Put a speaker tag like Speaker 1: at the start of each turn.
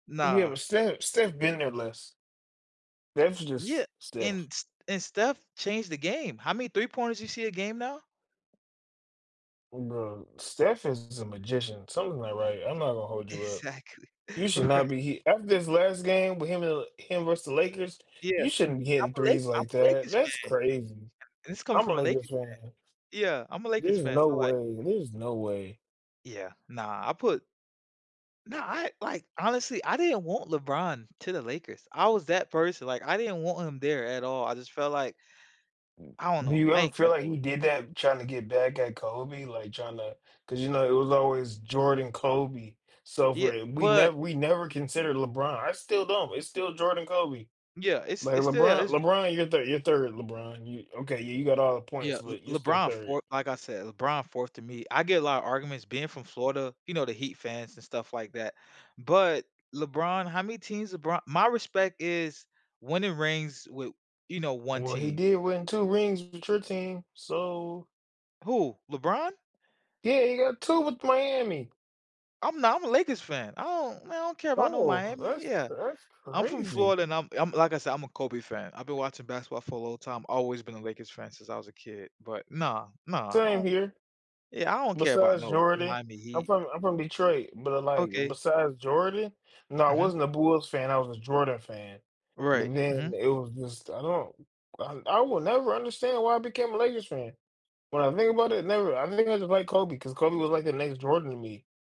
Speaker 1: Yeah,
Speaker 2: Nah.
Speaker 1: but Steph Steph been there less. That's
Speaker 2: Yeah,
Speaker 1: just Steph.
Speaker 2: and St and Steph changed the game. How many 3 pointers do you see a game now?
Speaker 1: Bruh, Steph is a magician. Something's not right I'm not gonna hold you up.
Speaker 2: Exactly,
Speaker 1: You should
Speaker 2: right.
Speaker 1: not be he after this last game with him and the l him versus the Lakers,
Speaker 2: Yeah,
Speaker 1: you
Speaker 2: m
Speaker 1: shouldn't be
Speaker 2: I'm
Speaker 1: hitting
Speaker 2: a Laker
Speaker 1: threes
Speaker 2: I'm
Speaker 1: like
Speaker 2: a
Speaker 1: that.
Speaker 2: Lakers fan,
Speaker 1: That's crazy.
Speaker 2: and it's coming
Speaker 1: I'm a
Speaker 2: from a
Speaker 1: Lakers
Speaker 2: Lakers
Speaker 1: fan.
Speaker 2: fan. Yeah, I'm a Lakers
Speaker 1: There's
Speaker 2: fan,
Speaker 1: no
Speaker 2: so like
Speaker 1: way, there's no way.
Speaker 2: Yeah, nah, I put Nah, I, like, honestly, I didn't want LeBron to the Lakers. I was that person like I didn't want him there at all I just felt like I don't
Speaker 1: Do
Speaker 2: know.
Speaker 1: you
Speaker 2: I
Speaker 1: ever
Speaker 2: ain't
Speaker 1: feel
Speaker 2: care
Speaker 1: like
Speaker 2: for
Speaker 1: he
Speaker 2: L
Speaker 1: did that, tryna get back at Kobe, like tryna 'cause you know, it was always Jordan, Kobe, so for
Speaker 2: Yea
Speaker 1: i we
Speaker 2: but
Speaker 1: never we never considered LeBron, I still don't, it's still Jordan, Kobe.
Speaker 2: Yeah, it's
Speaker 1: Like
Speaker 2: it's still
Speaker 1: LeBron
Speaker 2: it's
Speaker 1: LeBron, your 3rd, your 3rd, LeBron, you okay, yeah, you got all the points,
Speaker 2: Yeah,
Speaker 1: but you're
Speaker 2: Le
Speaker 1: still
Speaker 2: LeBron
Speaker 1: 3rd.
Speaker 2: 4th, like I said, LeBron 4th to me. I get a lotta arguments being from Florida, you know, the Heat fans and stuff like that. But LeBron, how many teams LeBron my respect is winning rings with you know, one
Speaker 1: Well, he
Speaker 2: team.
Speaker 1: did win 2 rings with your team, so.
Speaker 2: Who? LeBron?
Speaker 1: Yeah, he got 2 with Miami.
Speaker 2: I'm not I'm a Lakers fan. I don't man, I don't care about no
Speaker 1: Oh,
Speaker 2: Miami.
Speaker 1: that's
Speaker 2: Yeah,
Speaker 1: cra that's
Speaker 2: I'm from
Speaker 1: crazy.
Speaker 2: Florida and I'm I'm like I said, I'm a Kobe fan. I've been watching basketball for a long time, always been a Lakers fan since I was a kid, but nah, nah, I
Speaker 1: Same
Speaker 2: don't
Speaker 1: here.
Speaker 2: Yeah, I don't care about
Speaker 1: Besides
Speaker 2: no
Speaker 1: Jordan.
Speaker 2: Miami
Speaker 1: I'm
Speaker 2: Heat.
Speaker 1: from I'm from Detroit, but like,
Speaker 2: Okay.
Speaker 1: besides Jordan no, I
Speaker 2: Mhm.
Speaker 1: wasn't a Bulls fan, I was a Jordan fan, but
Speaker 2: Right, mhm.
Speaker 1: then it was just, I don't I I will never understand why I became a Lakers fan. When I think about it, never, I think I just like Kobe because Kobe was like the next Jordan to me.